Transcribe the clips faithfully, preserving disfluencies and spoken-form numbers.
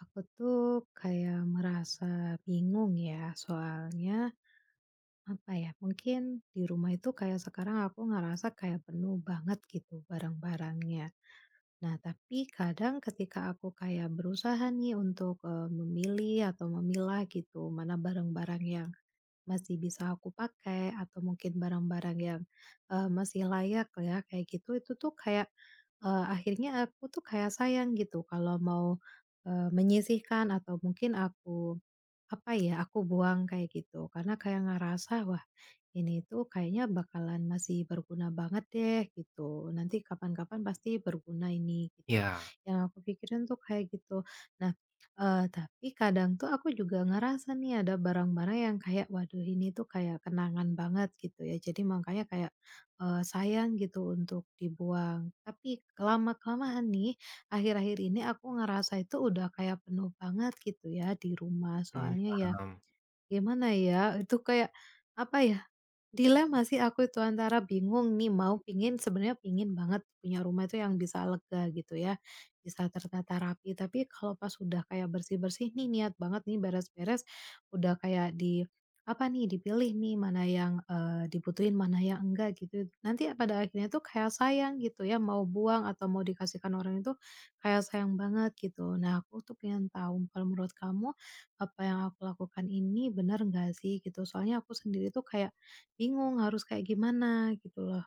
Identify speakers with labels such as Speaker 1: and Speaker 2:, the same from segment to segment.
Speaker 1: Aku tuh kayak merasa bingung ya soalnya, apa ya, mungkin di rumah itu kayak sekarang aku ngerasa kayak penuh banget gitu barang-barangnya. Nah, tapi kadang ketika aku kayak berusaha nih untuk, eee, memilih atau memilah, gitu, mana barang-barang yang masih bisa aku pakai atau mungkin barang-barang yang, eee, masih layak ya, kayak gitu. Itu tuh kayak, eee, akhirnya aku tuh kayak sayang gitu kalau mau, eee, menyisihkan atau mungkin aku, apa ya, aku buang, kayak gitu, karena kayak ngerasa, "Wah ini tuh kayaknya bakalan masih berguna banget deh." Gitu, "nanti kapan-kapan pasti berguna ini." Gitu.
Speaker 2: Iya.
Speaker 1: Yang aku pikirin tuh kayak gitu. Nah, eee, tapi kadang tuh aku juga ngerasa nih ada barang-barang yang kayak, "Waduh ini tuh kayak kenangan banget." Gitu ya. Jadi, mangkanya kayak, eee, sayang gitu untuk dibuang, tapi ke lama-kelamaan nih, akhir-akhir ini aku ngerasa itu udah kayak penuh banget, gitu ya, di rumah.
Speaker 2: Mmm,
Speaker 1: Soalnya ya,
Speaker 2: paham.
Speaker 1: gimana ya, itu kayak apa ya, dilema sih aku itu, antara bingung nih mau pengen, sebenarnya pengen banget punya rumah tuh yang bisa lega, gitu ya, bisa tertata rapi, tapi kalau pas udah kayak bersih-bersih nih, niat banget nih beres-beres. Udah kayak di, apa nih, dipilih nih mana yang, eee, dibutuhin mana yang enggak, gitu it nanti pada akhirnya tuh kayak yang sayang, gitu ya, mau buang atau mau dikasihkan orang itu kayak sayang banget, gitu. Nah, aku tuh pengen tahu, kalau menurut kamu, apa yang aku lakukan ini benar enggak, sih? Gitu. Soalnya aku sendiri tuh kayak bingung harus kayak gimana? Gitu loh.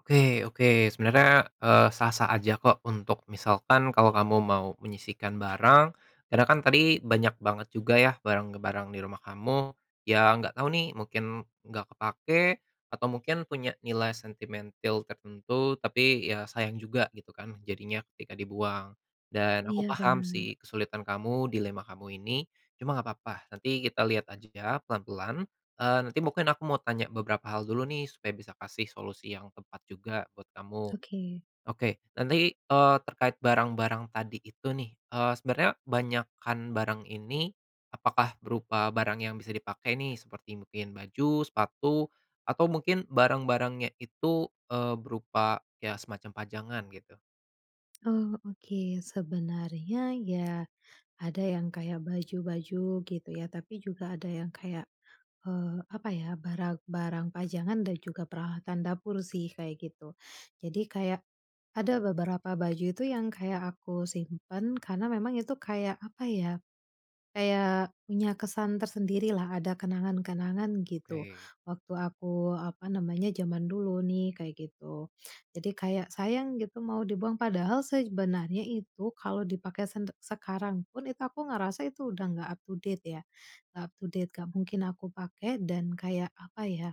Speaker 2: Oke oke. Sebenarnya, eee, sah-sah aja kok untuk misalkan, kalau kamu mau menyisihkan barang karena kan tadi banyak banget juga ya barang-barang di rumah kamu. Yang enggak tahu nih, mungkin enggak kepakai atau mungkin punya nilai sentimentil tertentu, tapi ya sayang juga, gitu kan, jadinya ketika dibuang, dan aku
Speaker 1: Iya,
Speaker 2: paham
Speaker 1: benar.
Speaker 2: sih kesulitan kamu dilema kamu ini. Cuma enggak papa, nanti kita lihat aja pelan-pelan, eee, nanti mungkin aku mau tanya beberapa hal dulu nih supaya bisa kasih solusi yang tepat juga buat kamu.
Speaker 1: oke.
Speaker 2: Oke, nanti, eee, terkait barang-barang tadi itu nih. Eee, sebenarnya banyakan barang ini, apakah berupa barang yang bisa dipakai nih? Seperti mungkin baju, sepatu, atau mungkin barang-barangnya itu, eee, berupa ya semacam pajangan, gitu?
Speaker 1: oh, oke. Sebenarnya ya, ada yang kayak baju-baju gitu ya, tapi juga ada yang kayak, eee, apa ya, barang-barang pajangan dan juga peralatan dapur sih, kayak gitu. Jadi, kayak ada beberapa baju itu yang kayak aku simpan karena memang itu kayak, apa ya, kayak punya kesan tersendirilah, ada kenangan-kenangan, gitu.
Speaker 2: Oke.
Speaker 1: Waktu aku, apa namanya, zaman dulu nih, kayak gitu. Jadi, kayak sayang gitu mau dibuang padahal sej benarnya itu kalau dipakai sende sekarang pun, itu aku ngerasa itu udah enggak up-to-date ya, enggak up-to-date, enggak mungkin aku pakai dan kayak, apa ya,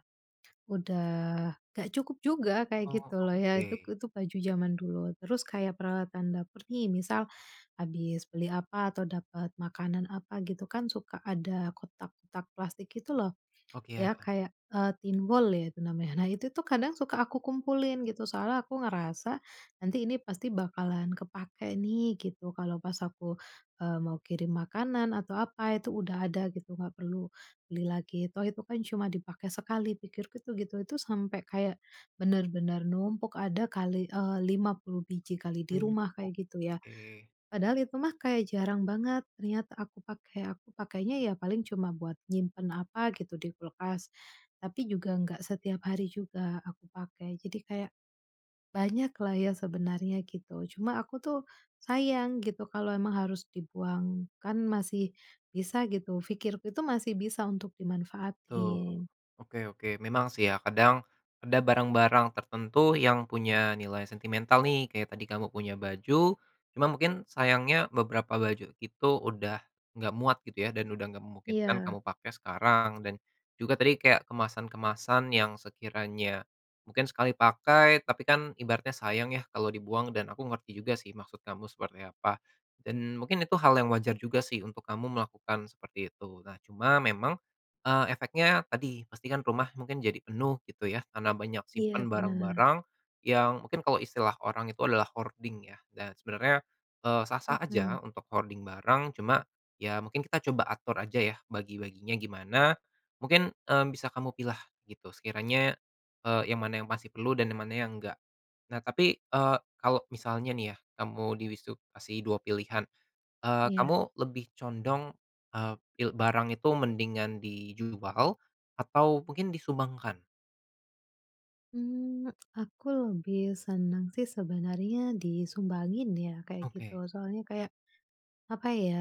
Speaker 1: udah enggak cukup juga, kayak
Speaker 2: Oh,
Speaker 1: gitu loh ya. Itu
Speaker 2: oke.
Speaker 1: itu baju zaman dulu. Terus kayak peralatan dapur nih. Misal habis beli apa atau dapat makanan apa, gitu kan, suka ada kotak-kotak plastik, gitu loh.
Speaker 2: Oke, ya.
Speaker 1: Ya kayak, eee, thinwall ya itu namanya. Nah itu tuh, kadang suka aku kumpulin, gitu. Soalnya aku ngerasa, "Nanti ini pasti bakalan kepakai nih." Gitu, kalau pas aku, eee, mau kirim makanan atau apa, itu udah ada, gitu. Enggak perlu beli lagi, "Toh itu kan cuma dipakai sekali." Pikirku itu, gitu. Itu sampai kayak benar-benar numpuk. Ada kali, eee, lima puluh biji kali di
Speaker 2: Mmm,
Speaker 1: rumah, kayak gitu ya.
Speaker 2: oke.
Speaker 1: Padahal itu mah kayak jarang banget niat aku pakai. Aku pakainya ya paling cuma buat nyimpan apa gitu di kulkas, tapi juga enggak setiap hari juga aku pakai. Jadi kayak banyaklah ya sebenarnya, gitu. Cuma aku tuh sayang gitu kalau emang harus dibuang, kan masih bisa, gitu. Fikirku itu masih bisa untuk
Speaker 2: Betul.
Speaker 1: dimanfaatin.
Speaker 2: Oke oke. Memang sih ya kadang ada barang-barang tertentu yang punya nilai sentimental nih. Kayak tadi kamu punya baju, cuma mungkin sayangnya beberapa baju itu udah enggak muat gitu, ya? Dan udah gak memungkinkan
Speaker 1: Iya.
Speaker 2: kamu pakai sekarang dan juga tadi kayak kemasan-kemasan yang sekiranya mungkin sekali pakai, tapi kan ibaratnya sayang ya kalau dibuang dan aku ngerti juga sih maksud kamu seperti apa, dan mungkin itu hal yang wajar juga sih untuk kamu melakukan seperti itu. Nah, cuma memang, eee, efeknya tadi, pasti kan rumah mungkin jadi penuh, gitu ya, karena banyak
Speaker 1: Iya,
Speaker 2: simpan
Speaker 1: benar.
Speaker 2: barang-barang yang mungkin kalau istilah orang itu adalah hoarding ya dan sebenarnya, eee, sah-sah
Speaker 1: Mmm.
Speaker 2: aja untuk hoarding barang. Cuma ya mungkin kita coba atur aja ya bagi-baginya gimana. Mungkin, mmm, bisa kamu pilah gitu sekiranya, eee, yang mana yang masih perlu dan yang mana yang enggak. Nah, tapi, eee, kalau misalnya nih ya, kamu dilis itu kasih dua pilihan. Eee,
Speaker 1: Iya.
Speaker 2: kamu lebih condong, eee, pil barang itu mendingan dijual atau mungkin disumbangkan?
Speaker 1: Mmm, aku lebih senang sih sebenarnya disumbangin ya, kayak gitu.
Speaker 2: Oke.
Speaker 1: Soalnya kayak, apa ya,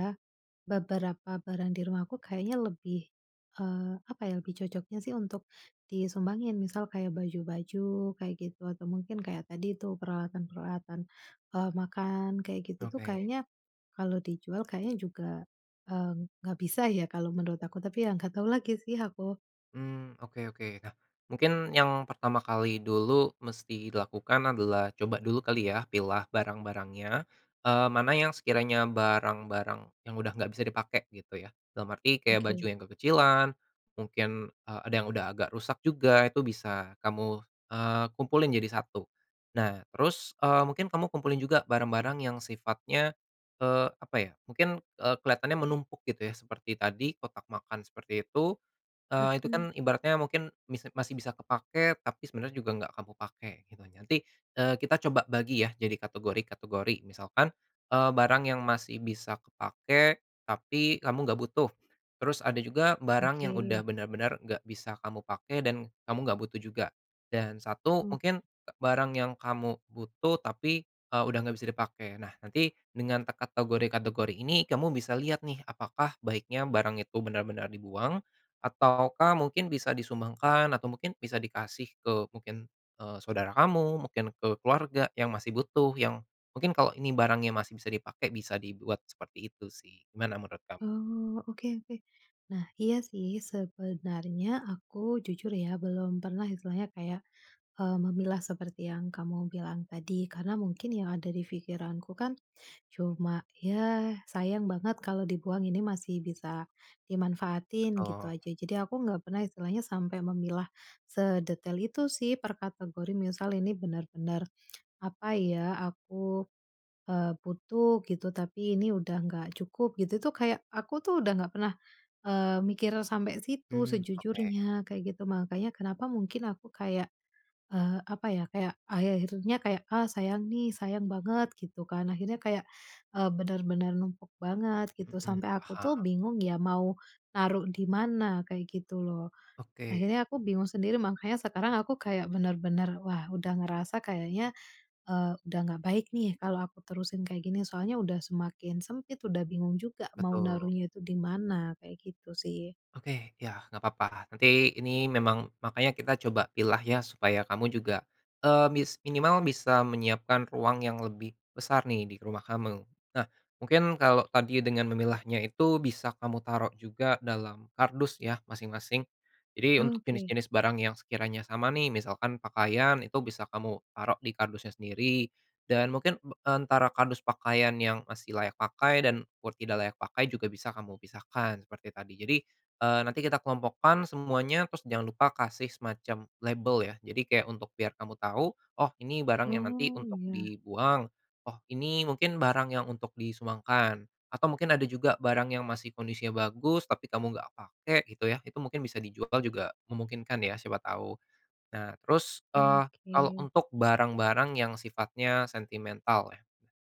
Speaker 1: beberapa barang di rumahku kayaknya lebih, eee, apa ya, lebih cocoknya sih untuk disumbangin. Misal, kayak baju-baju kayak gitu atau mungkin kayak tadi tuh peralatan-peralatan, eee, makan kayak, gitu itu tuh,
Speaker 2: Oke.
Speaker 1: kayaknya, kalau dijual kayaknya juga, eee, enggak bisa ya kalau menurut aku, tapi ya enggak tahu lagi sih aku.
Speaker 2: Mmm, oke oke. Nah, mungkin yang pertama kali dulu mesti dilakukan adalah coba dulu kali, ya? Pilah barang-barangnya, eee, mana yang sekiranya barang-barang yang udah enggak bisa dipakai, gitu ya. Dalam arti kayak baju
Speaker 1: Oke.
Speaker 2: yang kekecilan, mungkin, eee, ada yang udah agak rusak juga, itu bisa kamu, eee, kumpulin jadi satu. Nah, terus, eee, mungkin kamu kumpulin juga barang-barang yang sifatnya, eee, apa ya, mungkin, eee, kelihatannya menumpuk, gitu ya. Seperti tadi kotak makan, seperti itu. Eee, itu
Speaker 1: Hmm.
Speaker 2: kan ibaratnya mungkin mis masih bisa kepakai, tapi sebenarnya juga enggak kamu pakai, gitu. Nanti, eee, kita coba bagi ya jadi kategori-kategori. Misalkan, eee, barang yang masih bisa kepakai, tapi kamu enggak butuh, terus ada juga barang yang udah
Speaker 1: Oke.
Speaker 2: benar-benar enggak bisa kamu pakai dan kamu enggak butuh juga, dan satu
Speaker 1: Oke.
Speaker 2: mungkin barang yang kamu butuh, tapi, eee, udah enggak bisa dipakai. Nah, nanti dengan terkategori-kategori ini kamu bisa lihat nih. Apakah baiknya barang itu benar-benar dibuang? Ataukah mungkin bisa disumbangkan? Atau mungkin bisa dikasih? Ke mungkin, eee, saudara kamu, mungkin ke keluarga yang masih butuh, yang mungkin kalau ini barangnya masih bisa dipakai bisa dibuat seperti itu sih. Gimana menurut kamu?
Speaker 1: Oh, oke oke. Nah, iya sih. Sebenarnya aku, jujur ya, belum pernah istilahnya kayak, eee, memilah seperti yang kamu bilang tadi karena mungkin yang ada di fikiranku kan cuma, "Ya sayang banget kalau dibuang, ini masih bisa dimanfaatin." Gitu
Speaker 2: Betul.
Speaker 1: aja. Jadi aku enggak pernah istilahnya sampai memilah sedetail itu sih per kategori. Misal ini benar-benar, apa ya, aku, eee, butuh gitu, tapi ini udah enggak cukup, gitu. Itu tuh kayak, aku tuh udah enggak pernah, eee, mikir sampai situ
Speaker 2: Mmm. Oke.
Speaker 1: sejujurnya, kayak gitu. Mangkanya kenapa mungkin aku kayak, eee, apa ya, kayak akhir-akhirnya kayak, "Ah sayang nih. Sayang banget." Gitu kan. Akhirnya kayak, eee, benar-benar numpuk banget, gitu.
Speaker 2: Mhm.
Speaker 1: Sampai aku tuh
Speaker 2: Paham.
Speaker 1: bingung ya mau naruh di mana, kayak gitu loh.
Speaker 2: Oke.
Speaker 1: Akhirnya aku bingung sendiri. Mangkanya sekarang aku kayak benar-benar, "Wah udah ngerasa kayaknya," Eee, "udah gak baik nih, kalau aku terusin kayak gini. Soalnya udah semakin sempit, udah bingung juga mau
Speaker 2: Betul.
Speaker 1: naruhnya itu di mana" Kayak gitu sih.
Speaker 2: Oke, iya, enggak papa. Nanti, ini memang, makanya kita coba pilah ya supaya kamu juga, eee, mis minimal bisa menyiapkan ruang yang lebih besar nih di rumah kamu. Nah, mungkin kalau tadi dengan memilahnya itu bisa kamu taruh juga dalam kardus ya, masing-masing. Jadi, untuk
Speaker 1: Oke.
Speaker 2: jenis-jenis barang yang sekiranya sama nih. Misalkan pakaian itu bisa kamu taruh di kardusnya sendiri dan mungkin be antara kardus pakaian yang masih layak pakai dan buat tidak layak pakai juga bisa kamu pisahkan seperti tadi. Jadi, eee, nanti kita kelompokkan semuanya, terus jangan lupa kasih semacam label ya. Jadi, kayak untuk biar kamu tahu, "Oh ini barang yang nanti
Speaker 1: Oh
Speaker 2: untuk
Speaker 1: iya.
Speaker 2: dibuang. Oh ini mungkin barang yang untuk disumbangkan." Atau mungkin ada juga barang yang masih kondisinya bagus, tapi kamu enggak pakai, gitu ya, itu mungkin bisa dijual juga memungkinkan, ya, siapa tahu. Nah, terus, eh, kalau
Speaker 1: Oke.
Speaker 2: untuk barang-barang yang sifatnya sentimental ya.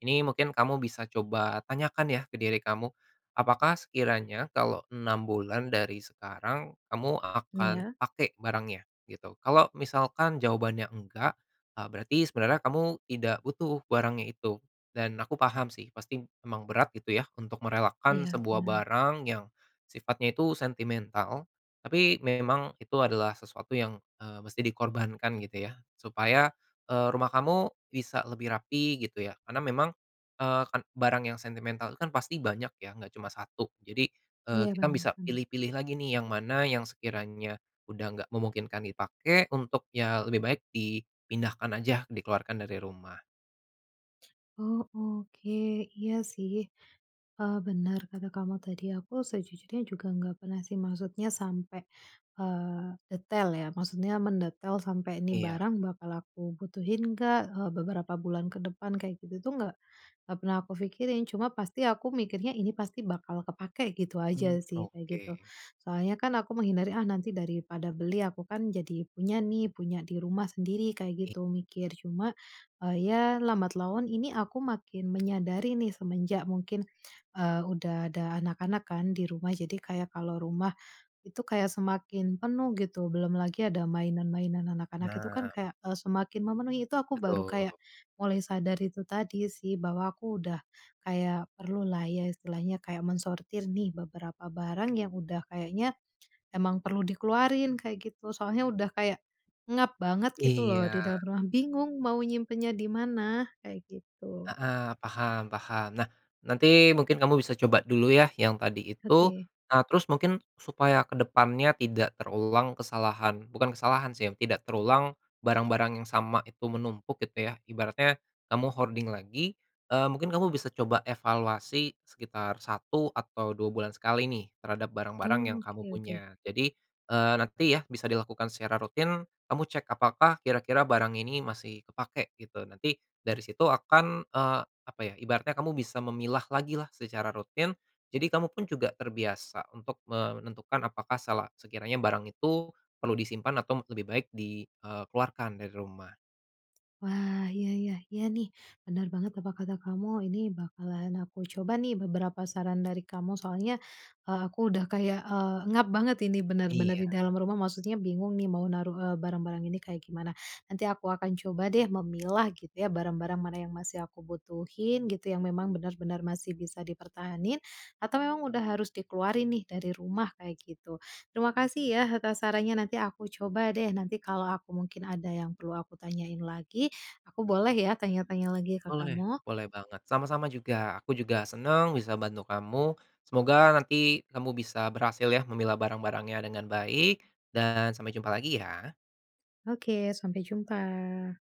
Speaker 2: Ini mungkin kamu bisa coba tanyakan ya ke diri kamu. Apakah sekiranya kalau enam bulan dari sekarang kamu akan
Speaker 1: Iya.
Speaker 2: pakai barangnya? Gitu. Kalau misalkan jawabannya enggak, eee, berarti sebenarnya kamu tidak butuh barangnya itu, dan aku paham sih pasti memang berat, gitu ya, untuk merelakan
Speaker 1: Iya
Speaker 2: sebuah
Speaker 1: benar.
Speaker 2: barang yang sifatnya itu sentimental, tapi memang itu adalah sesuatu yang, eee, mesti di korbankan, gitu ya. Supaya, eee, rumah kamu bisa lebih rapih, gitu ya, karena memang, eee, kan barang yang sentimental itu kan pasti banyak ya, enggak cuma satu. Jadi, eee,
Speaker 1: Iya
Speaker 2: kita
Speaker 1: benar
Speaker 2: bisa
Speaker 1: benar.
Speaker 2: pilih-pilih lagi nih yang mana yang sekiranya udah enggak memungkinkan dipakai, untuk ya lebih baik dipindahkan aja, dikeluarkan dari rumah.
Speaker 1: oh, oke. Iya sih. Eee, benar kata kamu tadi. Aku sejujurnya juga enggak pernah sih. Maksudnya sampai, eee, detail ya, maksudnya mendetail sampai ini
Speaker 2: Iya.
Speaker 1: barang bakal aku butuhin enggak, eee, beberapa bulan kedepan kayak gitu tuh enggak enggak pernah aku fikirin. Cuma pasti aku mikirnya, "Ini pasti bakal kepakai." Gitu
Speaker 2: Mmm.
Speaker 1: aja sih, kayak gitu.
Speaker 2: Oke.
Speaker 1: Soalnya kan aku menghindari, "Ah, nanti daripada beli, aku kan jadi punya nih. Punya di rumah sendiri." Kayak
Speaker 2: I
Speaker 1: gitu mikir. Cuma, eee, ya lambat laun ini aku makin menyadari nih. Semenjak mungkin, eee, udah ada anak-anak kan di rumah jadi, kayak kalau rumah itu kayak semakin penuh, gitu. Belum lagi ada mainan-mainan anak-anak itu kan
Speaker 2: Nah.
Speaker 1: kayak, eee, semakin memenuhi. Itu aku baru
Speaker 2: Betul.
Speaker 1: kayak mulai sadar itu tadi sih bahwa aku udah kayak perlu lah ya, istilahnya kayak mensortir nih beberapa barang yang udah kayaknya emang perlu dikeluarin, kayak gitu. Soalnya udah kayak engap banget gitu loh
Speaker 2: Iya.
Speaker 1: di dalam rumah. Bingung mau nyimpennya di mana, kayak gitu.
Speaker 2: Heeh. Paham paham. Nah, nanti mungkin kamu bisa coba dulu ya, yang tadi itu.
Speaker 1: Oke.
Speaker 2: Ah, terus mungkin supaya ke depannya tidak terulang kesalahan, bukan kesalahan sih ya, tidak terulang barang-barang yang sama itu menumpuk, gitu ya. Ibaratnya kamu hoarding lagi, eee, mungkin kamu bisa coba evaluasi sekitar satu atau dua bulan sekali nih, terhadap barang-barang yang
Speaker 1: oh,
Speaker 2: kamu
Speaker 1: oke oke.
Speaker 2: punya. Jadi, eee, nanti ya bisa di lakukan secara rutin. Kamu cek, apakah kira-kira barang ini masih kepakai? Gitu. Nanti dari situ akan, eee, apa ya, ibaratnya kamu bisa memilah lagilah secara rutin. Jadi, kamu pun juga terbiasa untuk menentukan, apakah sela sekiranya barang itu perlu disimpan atau lebih baik di, eee, keluarkan dari rumah?
Speaker 1: Wah iya iya. Iya nih, benar banget apa kata kamu. Ini bakalan aku coba nih beberapa saran dari kamu. Soalnya, eee, aku udah kayak, eee, engap banget ini benar-benar
Speaker 2: Iya.
Speaker 1: di dalam rumah. Maksudnya bingung nih mau naruh e barang-barang ini kayak gimana. Nanti aku akan coba deh memilah gitu ya. Barang-barang mana yang masih aku butuhin gitu, yang memang benar-benar masih bisa dipertahanin, atau memang udah harus dikeluarin nih dari rumah, kayak gitu. Terima kasih ya atas sarannya. Nanti aku coba deh. Nanti kalau aku mungkin ada yang perlu aku tanyain lagi, aku boleh ya tanya-tanya lagi ke
Speaker 2: Boleh.
Speaker 1: kamu?
Speaker 2: Boleh banget. Sama-sama juga. Aku juga senang bisa bantu kamu. Semoga nanti kamu bisa berhasil ya memilah barang-barangnya dengan baik dan sampai jumpa lagi ya.
Speaker 1: Oke. Sampai jumpa.